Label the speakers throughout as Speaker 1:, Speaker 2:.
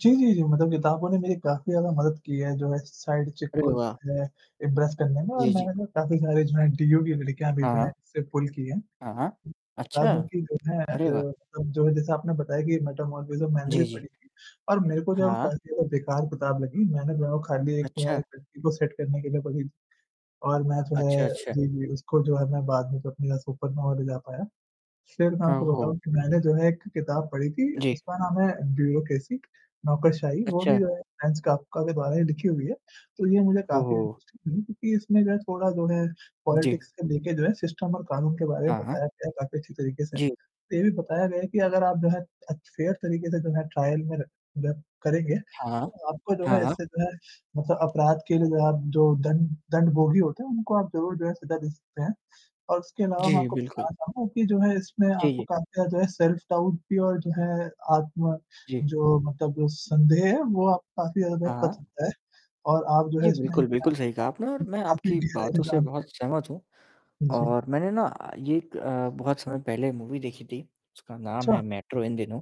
Speaker 1: जी, जी, जी, मतलब किताबों ने मेरी काफ़ी ज़्यादा मदद की है जो है, साइड चिक
Speaker 2: अरे
Speaker 1: को
Speaker 2: वाह!
Speaker 1: जो है इम्प्रेस करने में और
Speaker 2: जी, जी।
Speaker 1: मैंने काफ़ी सारे जो, एंटी [unintelligible] लड़कियाँ भी जो हैं
Speaker 2: हाँ।
Speaker 1: इससे पुल किए हैं।
Speaker 2: हाँ, हाँ,
Speaker 1: बता
Speaker 2: अच्छा?
Speaker 1: दूँ कि जो है अ,
Speaker 2: अरे वाह!
Speaker 1: मतलब जो जैसे आपने बताया कि मैटर मोरिस्म मैंने
Speaker 2: जी,
Speaker 1: भी
Speaker 2: जी।
Speaker 1: पढ़ी थी और मेरे को जो है वो
Speaker 2: हाँ।
Speaker 1: काफ़ी ज़्यादा बेकार किताब लगी, मैंने वो खाली एक वो
Speaker 2: अच्छा।
Speaker 1: एक लड़की को सेट करने के लिए पढ़ी। और मैं जो
Speaker 2: अच्छा,
Speaker 1: है,
Speaker 2: अच्छा।
Speaker 1: जी, जी उसको जो है मैं बाद में जी है [unintelligible] सुपर [unintelligible] पाया। फिर मैं
Speaker 2: हाँ,
Speaker 1: आपको
Speaker 2: हो
Speaker 1: बताऊँ कि मैंने जो है, एक किताब पढ़ी थी,
Speaker 2: जी।
Speaker 1: उसका नाम है, ब्यूरोक्रेसी नौकरशाही, वो भी
Speaker 2: अच्छा।
Speaker 1: जो है फ्रेंच कॉफका का के बारे में लिखी हुई है, तो ये मुझे काफ़ी
Speaker 2: ओहो!
Speaker 1: दिलचस्प लगी क्योंकि इसमें जो है थोड़ा जो है
Speaker 2: जी।
Speaker 1: पॉलिटिक्स के लेके जो है सिस्टम और कानून के बारे में
Speaker 2: हाँ।
Speaker 1: बताया गया काफ़ी अच्छी तरीके से।
Speaker 2: जी।
Speaker 1: ये भी बताया गया है कि अगर आप जो है, अच्छे फेयर तरीके से जो है ट्रायल में र मतलब करेंगे,
Speaker 2: हाँ।
Speaker 1: तो आपका जो है
Speaker 2: हाँ।
Speaker 1: इससे जो है ना बोह अपराध के लिए आप जो दन दंड भोगी होते हैं, उनको आप जरूर जो है सज़ा दे सकते हैं। और उसके अलावा मैं
Speaker 2: जी,
Speaker 1: आपको
Speaker 2: बिल्कुल।
Speaker 1: बताना चाहूँगा कि जो है इसमें
Speaker 2: जी,
Speaker 1: आपको
Speaker 2: जी।
Speaker 1: काफ़ी जो है सेल्फ डाउट भी और जो है, आत्म
Speaker 2: जी।
Speaker 1: जो मतलब संदेह है, वो आपका काफ़ी ज़्यादा
Speaker 2: हाँ,
Speaker 1: बच
Speaker 2: हाँ।
Speaker 1: सकता है और आप जो
Speaker 2: जी,
Speaker 1: है इसमें क
Speaker 2: बिल्कुल, बिल्कुल सही कहा आपने और
Speaker 1: क
Speaker 2: मैं
Speaker 1: काफ़ी
Speaker 2: आपकी
Speaker 1: गहराई के साथ
Speaker 2: बातों से
Speaker 1: जो है
Speaker 2: बहुत सहमत हूँ।
Speaker 1: उ, जी।
Speaker 2: और मैंने ना ये एक अ, बहुत समय पहले मूवी देखी थी उसका नाम है
Speaker 1: अच्छा।
Speaker 2: मेट्रो इन दिनों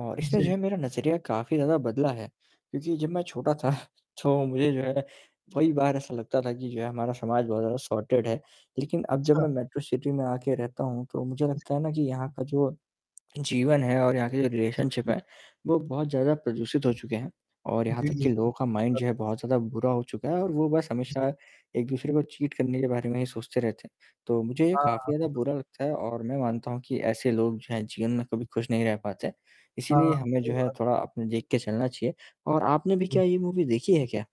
Speaker 2: और इसने जो
Speaker 1: जी।
Speaker 2: है मेरा नज़रिया काफ़ी ज़्यादा बदला है, क्योंकि जब मैं छोटा था तो मुझे जो है, कही बार ऐसा लगता था कि जो है हमारा समाज बहुत ज़्यादा सॉर्टेड है। लेकिन अब जब
Speaker 1: अच्छा।
Speaker 2: मैं मेट्रो सिटी में आके रहता हूँ, तो मुझे लगता है ना कि यहाँ का जो जीवन है और यहाँ के जो
Speaker 1: जी।
Speaker 2: रिलेशनशिप है, वो बहुत ज़्यादा प्रदूषित हो चुके हैं और यहाँ
Speaker 1: जी,
Speaker 2: तक
Speaker 1: जी,
Speaker 2: कि
Speaker 1: जी।
Speaker 2: लोगों का
Speaker 1: सही
Speaker 2: माइंड
Speaker 1: बात
Speaker 2: जो है
Speaker 1: है।
Speaker 2: बहुत ज़्यादा बुरा हो चुका है और वो बस
Speaker 1: जी। हाँ।
Speaker 2: हमेशा एक-दूसरे को चीट करने के बारे में ही सोचते रहते हैं। तो मुझे ये काफ़ी ज़्यादा
Speaker 1: हाँ।
Speaker 2: बुरा लगता है और मैं मानता हूँ कि ऐसे लोग जो हैं जीवन में कभी खुश नहीं रह पाते हैं। इसीलिए
Speaker 1: हाँ,
Speaker 2: हमें जो
Speaker 1: सही
Speaker 2: है
Speaker 1: बात।
Speaker 2: थोड़ा अपने देख के चलना चाहिए और आपने भी
Speaker 1: हुँ।
Speaker 2: क्या ये मूवी देखी है क्या?